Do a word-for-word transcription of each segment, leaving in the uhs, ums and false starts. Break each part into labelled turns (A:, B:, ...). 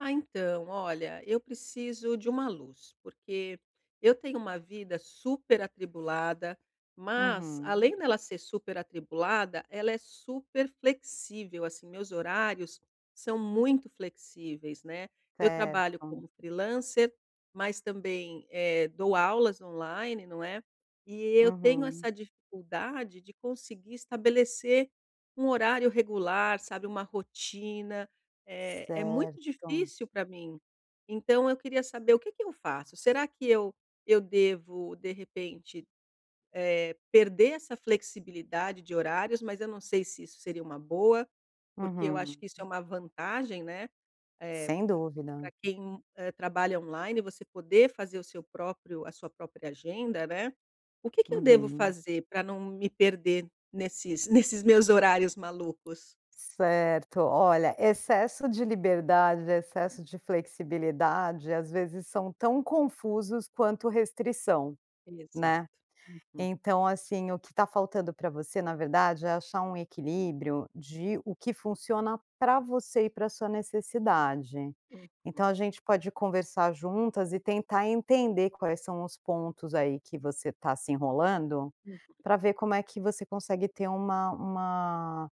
A: Ah, então olha, eu preciso de uma luz, porque eu tenho uma vida super atribulada, mas
B: Uhum.
A: além dela ser super atribulada, ela é super flexível. Assim, meus horários são muito flexíveis, né. Eu trabalho
B: Certo.
A: como freelancer, mas também, eh, dou aulas online, não é. E eu tenho
B: Uhum.
A: essa dificuldade de conseguir estabelecer um horário regular, sabe, uma rotina, eh, é muito
B: Certo.
A: difícil pra mim. Então eu queria saber o que que eu faço? Será que eu eu devo, de repente, eh, perder essa flexibilidade de horários, mas eu não sei se isso seria uma boa, porque eu acho
B: Uhum.
A: que isso é uma vantagem, né? Eh,
B: Sem dúvida.
A: p-pra quem, eh, trabalha online, você poder fazer o seu próprio a sua própria agenda, né? O que que eu devo
B: Uhum.
A: fazer pra não me perder nesses nesses meus horários malucos?
B: Certo. Olha, excesso de liberdade,
A: Hum.
B: excesso de flexibilidade, às vezes são tão confusos quanto restrição, né?
A: Exato, uhum.
B: Então, assim, o que tá faltando pra você, na verdade, é achar um equilíbrio de o que funciona pra você e pra sua necessidade.
A: Uhum.
B: Então, a gente pode conversar juntas e tentar entender quais são os pontos, aí, que você tá se enrolando
A: Uhum.
B: pra ver como é que você consegue ter uma uma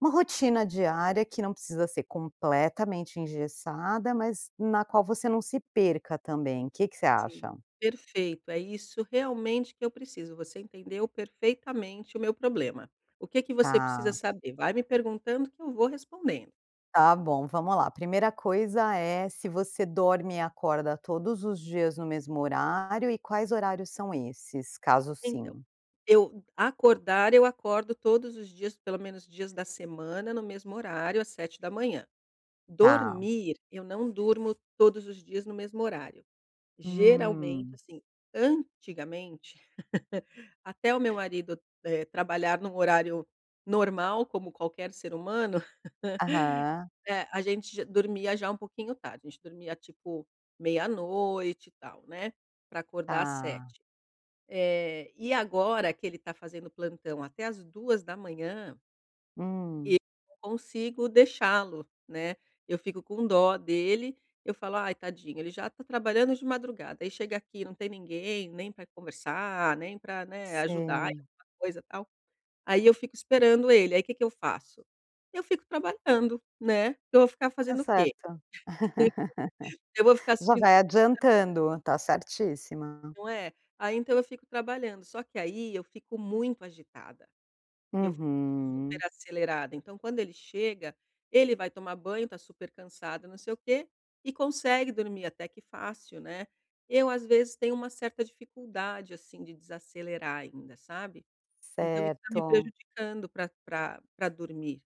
B: uma rotina diária, que não precisa ser completamente engessada, mas na qual você não se perca também. Que que você
A: Sim.
B: acha?
A: Perfeito. É isso realmente que eu preciso. Você entendeu perfeitamente o meu problema. O que que você precisa
B: Tá.
A: saber? Vai me perguntando que eu vou respondendo.
B: Tá bom, vamos lá. Primeira coisa é se você dorme e acorda todos os dias no mesmo horário e quais horários são esses? Caso
A: Então,
B: sim.
A: eu acordar, eu acordo todos os dias, pelo menos dias da semana, no mesmo horário, às sete da manhã.
B: Tá.
A: Dormir, eu não durmo todos os dias no mesmo horário. Geralmente,
B: Hum.
A: assim, antigamente, até o meu marido, eh, trabalhar num horário "normal", como qualquer ser humano,
B: Aham.
A: eh, a gente j dormia já um pouquinho tarde, a gente dormia tipo meia-noite e tal, né pra acordar às
B: Tá.
A: sete, eh, e agora que ele tá fazendo plantão até às duas da manhã eu
B: Hum.
A: não consigo deixá-lo, né? Eu fico com dó dele. Eu falo: "ai, tadinho, ele já tá trabalhando de madrugada, aí, chega aqui não tem ninguém nem para conversar, nem para, né, ajudar em
B: Sei.
A: alguma coisa, tal. Aí eu fico esperando ele, aí que que eu faço? Eu fico trabalhando, né? Que eu vou ficar
B: Tá
A: fazendo o quê?
B: certo.
A: Eu vou ficar
B: Já
A: assistindo
B: vai
A: televisão?
B: adiantando, tá certíssima.
A: Não é? Aí então eu fico trabalhando. Só que aí, eu fico muito agitada. Eu fico
B: Uhum.
A: super acelerada. Então, quando ele chega, ele vai tomar banho, tá super cansado, não sei o quê, e consegue dormir até que fácil, né? Eu, às vezes tenho uma certa dificuldade, assim, de desacelerar ainda, sabe? Então isso tá me
B: Certo.
A: prejudicando pra pra pra dormir.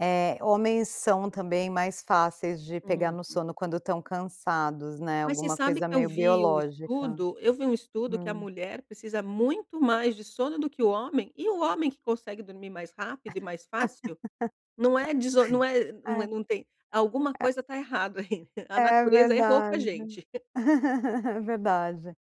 B: É, homens são também mais fáceis de pegar no
A: Uhum.
B: sono quando estão cansados, né,
A: Mas você
B: alguma
A: sabe
B: coisa
A: que eu
B: meio
A: vi o
B: biológica.
A: estudo, eu vi um estudo que a
B: Hum.
A: mulher precisa muito mais de sono do que o homem e o homem que consegue dormir mais rápido e mais fácil! Não é deso não é, não
B: É,
A: é não tem alguma
B: é.
A: coisa tá errado aí, a
B: É
A: natureza errou com a
B: verdade,
A: gente.
B: é verdade,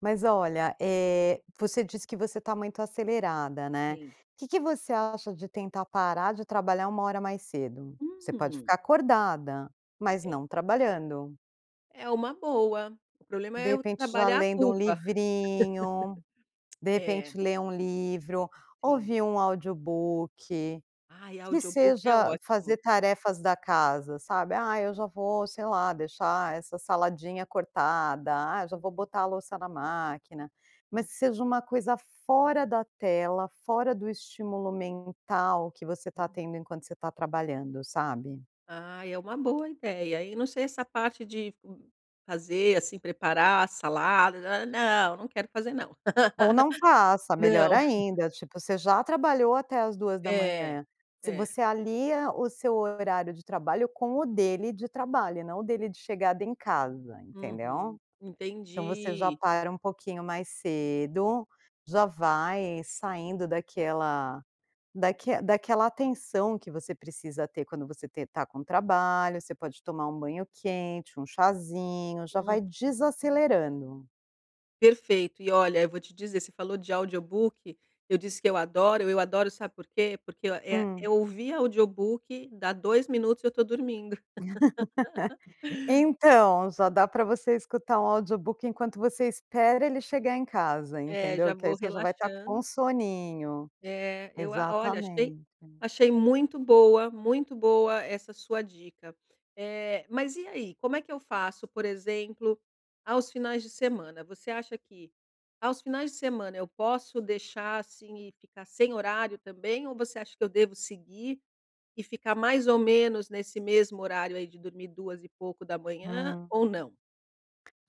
B: mas olha, eh, você disse que você tá muito acelerada, né?
A: Sim.
B: Que que você acha de tentar parar de trabalhar uma hora mais cedo? Você pode
A: Hum.
B: ficar acordada, mas
A: É.
B: não trabalhando.
A: É uma boa. O problema
B: De
A: é eu
B: repente, já
A: trabalhar a
B: lendo um
A: culpa.
B: livrinho de
A: É.
B: repente ler um livro,
A: Sim.
B: ouvir um audiobook,
A: Ai,
B: que
A: audiobook é
B: seja
A: ótimo!
B: fazer tarefas da casa, sabe: "Ah, hoje eu vou, sei lá, deixar essa saladinha cortada, ah, eu já vou
A: Hum.
B: botar a louça na máquina.", mas
A: Uhum.
B: que seja uma coisa fora da tela, fora do estímulo mental que você tá
A: Uhum.
B: tendo enquanto você tá trabalhando, sabe?
A: Ah, é uma boa ideia, hein? Não sei essa parte de m fazer, assim, "preparar salada" nã, nã não, não quero fazer, não!
B: Ou não faça, melhor
A: Não.
B: ainda, tipo, você já trabalhou até às duas da
A: É,
B: manhã se
A: é.
B: você alia o seu horário de trabalho com o dele de trabalho e não o dele de chegada em casa, entendeu?
A: Uhum,
B: Então, você já
A: entendi!
B: para um pouquinho mais cedo, já vai saindo daquela daque daquela atenção que você precisa ter quando você te tá com trabalho você pode tomar um banho quente, um chazinho já
A: Hum.
B: vai desacelerando.
A: Perfeito! E olha, eu vou te dizer, você falou de audiobook. Eu disse que eu adoro, eu adoro, sabe por quê? Porque ó é
B: Hum.
A: é ouvir audiobook, dá dois minutos e eu tô dormindo.
B: Então, já dá para você escutar um audiobook enquanto você espera ele chegar em casa,
A: É, já
B: entendeu? Que aí,
A: vou
B: você já vai tá com
A: relaxando.
B: soninho.
A: Eh, eu a olha achei
B: Exatamente.
A: achei muito boa, muito boa essa sua dica. Eh, mas e aí, como é que eu faço? Por exemplo, aos finais de semana, você acha que aos finais de semana eu posso deixar, assim e ficar sem horário também? Ou você acha que eu devo seguir e ficar mais ou menos nesse mesmo horário aí, de dormir duas e pouco da manhã?
B: Hum.
A: Ou não?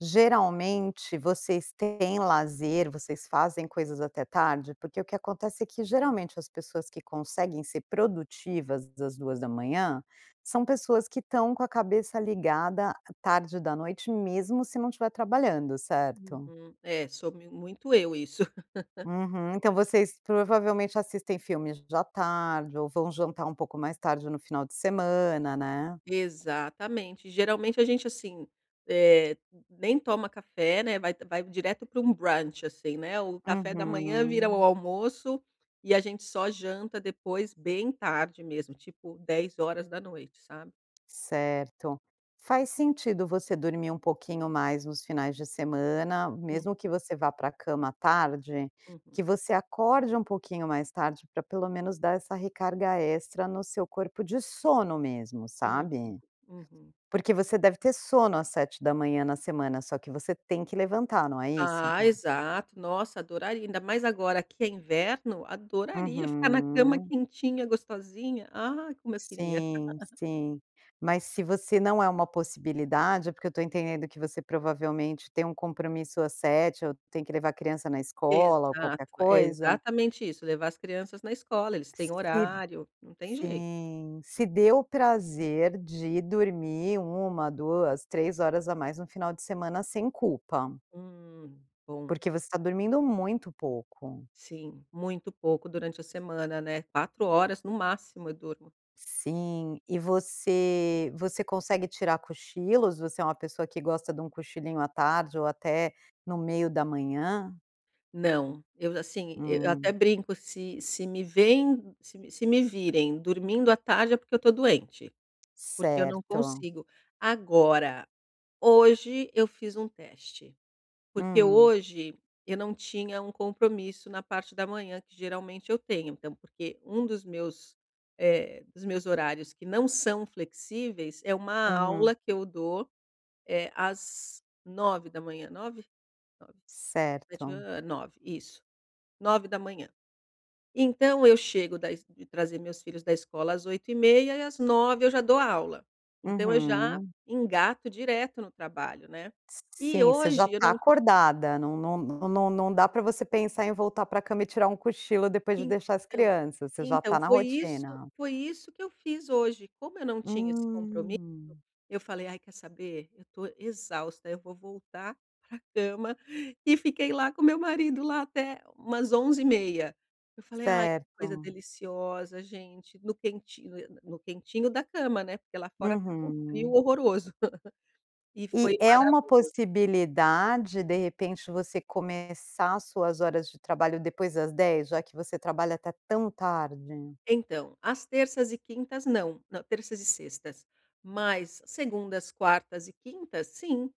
B: Geralmente vocês têm lazer? Vocês fazem coisas até tarde? Porque o que acontece é que geralmente as pessoas que conseguem ser produtivas às duas da manhã, são pessoas que estão com a cabeça ligada tarde da noite, mesmo se não tiver trabalhando, certo?
A: Uhum. É, sou mi muito eu isso.
B: Uhum. Então, vocês provavelmente assistem filmes já tarde? Ou vão jantar um pouco mais tarde no final de semana, né?
A: Exatamente. Geralmente a gente assim, eh, nem toma café, né? Vai vai direto para um brunch, assim, né? O café da manhã vira o
B: Uhum.
A: almoço e a gente só janta depois, bem tarde mesmo, tipo dez horas da noite, sabe?
B: Certo. Faz sentido você dormir um pouquinho mais nos finais de semana, mesmo que
A: Uhum.
B: você vá para a cama tarde,
A: Uhum.
B: que você acorde um pouquinho mais tarde, pra pelo menos dar essa recarga extra no seu corpo de sono mesmo,
A: Uhum,
B: sabe.
A: uhum.
B: Porque você deve ter sono às sete da manhã na semana, só que você tem que levantar, não é isso?
A: Ah, exato. Nossa! Adoraria, ainda mais agora que é inverno, adoraria ficar na cama
B: Uhum.
A: quentinha, gostosinha. Ah, como eu queria.
B: Sim, sim. Mas se você não é uma possibilidade é porque eu tô entendendo que você provavelmente tem um compromisso às sete, ou tem que levar a criança na escola ou
A: Exato.
B: qualquer coisa.
A: Exatamente isso, levar as crianças na escola, eles têm
B: Se
A: horário, não tem jei.
B: Sim. Se dê o prazer de dormir uma, duas, três a mais no final de semana, sem culpa.
A: Hum, bom.
B: Porque você tá dormindo muito pouco.
A: Sim, muito pouco durante a semana, né? Quatro horas, no máximo, eu durmo.
B: Sim, e você você consegue tirar cochilos? Você é uma pessoa que gosta de um cochilinho à tarde ou até no meio da manhã?
A: Não. Eu já sim e eu até
B: Hum.
A: brinco se se me vêem, se me se me virem dormindo à tarde, é porque eu tô doente, porque eu não
B: Certo.
A: consigo. Agora, hoje eu fiz um teste, porque
B: Hum.
A: hoje eu não tinha um compromisso na parte da manhã, que geralmente eu tenho. Então porque um dos meus, eh, dos meus horários que não são flexíveis, é uma aula
B: Uhum.
A: que eu dou, eh, às nove da manhã, nove? nove, sete e
B: Certo.
A: meia, eh, nove, isso, nove da manhã. Então, eu chego da es de trazer meus filhos da escola às oito e meia e às nove eu já dou aula. Então, eu já
B: Uhum.
A: engato direto no trabalho, né.
B: S s
A: E
B: sim, você já
A: hoje eu
B: tá
A: não ti
B: acordada, não não não não não não dá pra você pensar em voltar para a cama e tirar um cochilo depois de deixar as
A: Então
B: crianças, você já
A: então
B: tá na
A: foi isso
B: rotina.
A: foi isso que eu fiz hoje. Como eu não tinha esse compromisso,
B: Hum.
A: eu falei: "Ai quer saber, eu tô exausta, eu vou voltar para a cama" e fiquei lá com o meu marido, lá, até umas onze e meia. Eu falei: "Ai, que coisa
B: Certo.
A: deliciosa gente, no quentinho", eu no no quentinho da cama, né, porque lá fora estava um frio
B: Uhum.
A: horroroso. E
B: E
A: foi
B: é uma
A: maravilho.
B: possibilidade, de repente, você começar suas horas de trabalho depois das dez, já que você trabalha até tão tarde?
A: Então, às terças e quintas não. Não, terças e sextas, mas segundas, quartas e quintas, sim.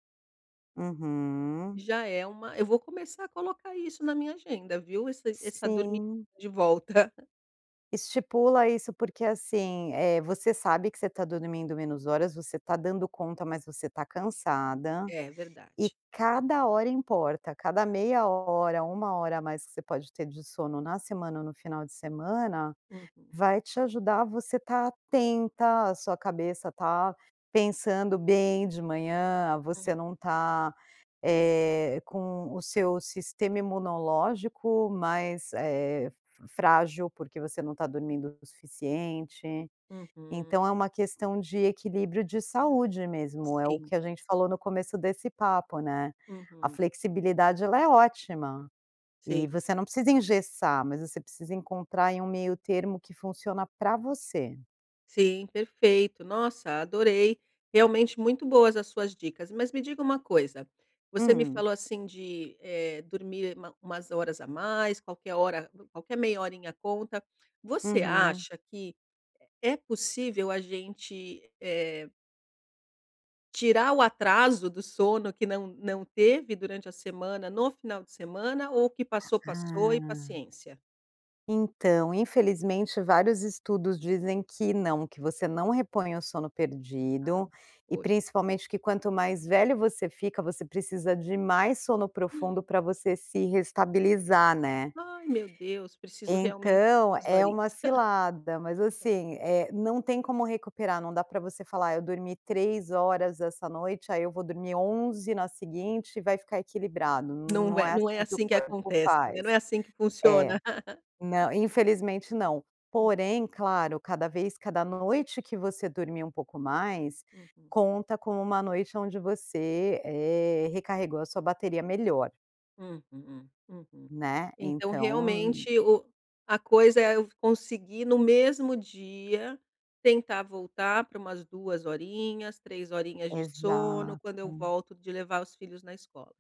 B: Uhum.
A: Já é uma eu vou começar a colocar isso na minha agenda, viu? Essa essa dormi
B: Sim.
A: de volta.
B: Estipula isso, porque assim, eh, você sabe que você tá dormindo menos horas, você tá dando conta, mas você tá cansada
A: É
B: e
A: verdade.
B: cada hora importa, cada meia hora, uma hora a mais que você pode ter de sono, na semana ou no final de semana,
A: Uhum.
B: vai te ajudar a você tá atenta, a sua cabeça tá pensando bem de manhã, você
A: Hum.
B: não tá, eh, com o seu sistema imunológico mais, eh, frágil, porque você não tá dormindo o suficiente.
A: Uhum.
B: Então é uma questão de equilíbrio de saúde mesmo. É o
A: Sim.
B: que a gente falou no começo desse papo, né, a
A: Uhum.
B: flexibilidade, ela é ótima. E
A: Sim.
B: você não precisa engessar, mas você precisa encontrar em um meio termo que funciona para você.
A: Sim, perfeito. Nossa, adorei! Realmente muito boas as suas dicas. Mas me diga uma coisa: você me
B: Hum.
A: falou assim de, eh, dormir uma umas horas a mais, qualquer hora qualquer meia horinha conta. Você
B: Uhum.
A: acha que é possível a gente, eh Tirar o atraso do sono que não não teve durante a semana no final de semana ou o que passou, passou e
B: Hum.
A: paciência?
B: Então, infelizmente, vários estudos dizem que não, que você não repõe o sono
A: Ah,
B: perdido e
A: poxa!
B: principalmente que quanto mais velho você fica, você precisa de mais sono profundo pra você se reestabilizar, né.
A: Ai, meu Deus, preciso realmente mais
B: Então
A: duas
B: é
A: horinhas.
B: uma cilada, mas
A: É.
B: assim, eh, não tem como recuperar. Não dá para você falar: "Eu dormi três horas essa noite, aí eu vou dormir onze na seguinte e vai ficar equilibrado.".
A: Não
B: Não
A: é
B: é
A: não é
B: assim que o
A: assim que
B: corpo
A: acontece, né, não
B: faz.
A: é assim que
B: É.
A: funciona!
B: Nã infelizmente, não.
A: Hum.
B: Porém, claro, cada vez cada noite que você dormir um pouco mais
A: Uhum.
B: conta como uma noite onde você, eh, recarregou a sua bateria melhor.
A: Uhum, uhum.
B: Né,
A: Então,
B: então...
A: realmente o a coisa é eu conseguir no mesmo dia, tentar voltar pra umas duas horinhas, três horinhas de sono, quando eu
B: Exato.
A: volto de levar os filhos na escola.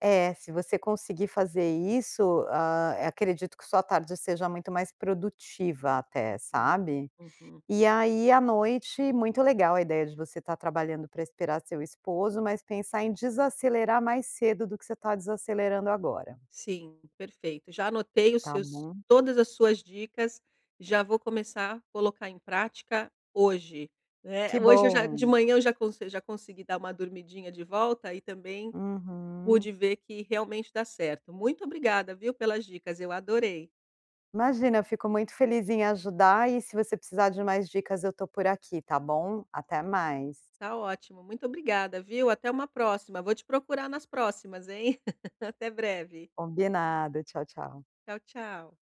B: É, se você conseguir fazer isso, hã, eh, acredito que sua tarde seja muito mais produtiva até,
A: Uhum,
B: sabe?
A: Uhum.
B: E aí, à noite muito legal a ideia de você estar trabalhando pra esperar seu esposo, mas pensar em desacelerar mais cedo do que você está desacelerando agora.
A: Sim, perfeito. Já anotei os
B: Tá
A: seus
B: bom.
A: todas as suas dicas, e já vou começar colocar em prática hoje! Eh,
B: Que
A: hoje eu já de
B: bom.
A: manhã eu já conse já consegui dar uma dormidinha de volta e também
B: Uhum.
A: pude ver que realmente dá certo! Muito obrigada viu, pelas dicas, eu adorei!
B: Imagina, eu fico muito feliz em ajudar e se você precisar de mais dicas, eu estou por aqui, tá bom, até mais.
A: Tá ótimo. Muito obrigada viu, até uma próxima. Vou te procurar nas próximas, hein. Até breve!
B: Combinado, tchau, tchau.
A: Tchau, tchau.